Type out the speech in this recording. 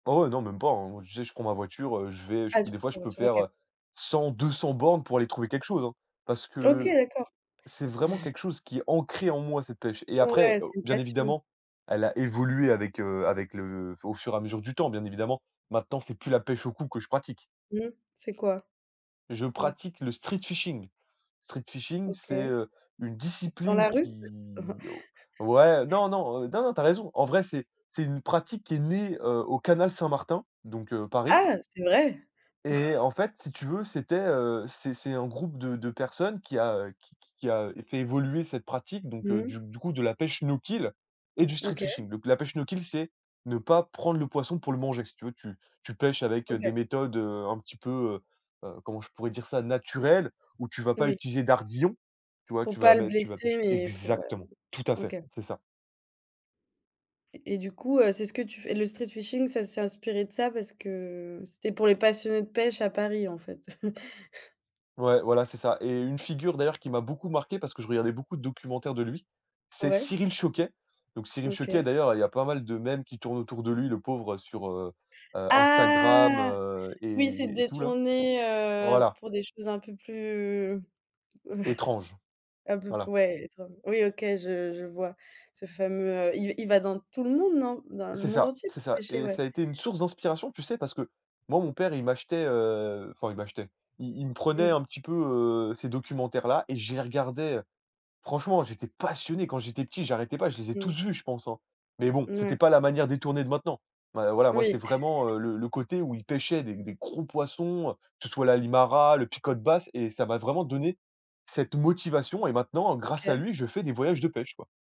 Oh, ouais, non, même pas, hein. Tu sais, je prends ma voiture, heu, je vais Ah, des fois, je peux [unintelligible] faire, OK. heu, 100-200 bornes pour aller trouver quelque chose, hein. Parce OK, que d'accord. c'est vraiment quelque chose qui est ancré en moi, cette pêche et après, Ouais, heu, c'est une bien passion. évidemment, elle a évolué avec heu, avec le au fur et à mesure du temps, bien évidemment. Maintenant c'est plus la pêche au coup que je pratique. Mmh, c'est quoi? Je Co pratique le street-fishing. Street-fishing, c'est, OK. heu, une Dans discipline la rue? qui oh ouais, non, non, heu, non, non, tu as raison. En vrai, c'est c'est une pratique qui est née, heu, au canal Saint-Martin, donc heu, Paris Ah, c'est vrai! et en fait, si tu veux, c'était, heu, c'est c'est un groupe de de personnes qui a qui qui qui a fait évoluer cette pratique donc heu, Mmh. du du coup, de la pêche no kill et du OK. street-fishing. Donc la pêche no kill, c'est ne pas prendre le poisson pour le manger. Si tu veux, tu tu pêches avec, heu, OK. des méthodes, heu, un petit peu, heu heu, comment je pourrais dire ça, naturelles où tu vas pas Oui. utiliser d'ardillons, tu vois? Pour Tu pas vas le mettre tu vas blesser, pêcher mais pour Exactement, [unintelligible] tout à fait, OK. c'est ça. Et et du coup, heu, c'est ce que tu f le street-fishing, ça s'est inspiré de ça parce que c'était pour les passionnés de pêche à Paris, en fait? Ouais, voilà, c'est ça et une figure, d'ailleurs, qui m'a beaucoup marqué parce que je regardais beaucoup de documentaires de lui, c'est Ouais. Cyril Chauquet. Donc Cyril Chauquet, OK. d'ailleurs, heu, il y a pas mal de mèmes qui tournent autour de lui, le pauvre, heu, sur, heu heu, Instagram, Ah, heu, oui, c'est et et tout, là. détourné, heu, Voilà. pour des choses un peu plus, Étrange, un peu plus, voilà. ouais, étran oui OK, je je vois. Ce fameux, heu, i il va dans tout le monde, non? Dans le C'est monde ça, entier c'est pour ça pêcher? et Ouais. ça a été une source d'inspiration, tu sais? Parce que moi, mon père, il m'achetait, heu, enfin il m'achetait, i il me prenait Mmh. un petit peu, heu, ces documentaires-là et je les regardais. Heu, franchement, j'étais passionné quand j'étais petit, j'arrêtais pas. Je les ai tous Mmh. vus, je pense, hein. Mais bon, Ouais. c'était pas la manière détournée de maintenant. Ouais, voilà, moi, c'est Oui. vraiment, heu, le le côté où il pêchait des des gros poissons, heu, que ce soit la limara, le picote basse et ça m'a vraiment donné cette motivation et maintenant, heu, grâce à OK. lui, je fais des voyages de pêche, quoi.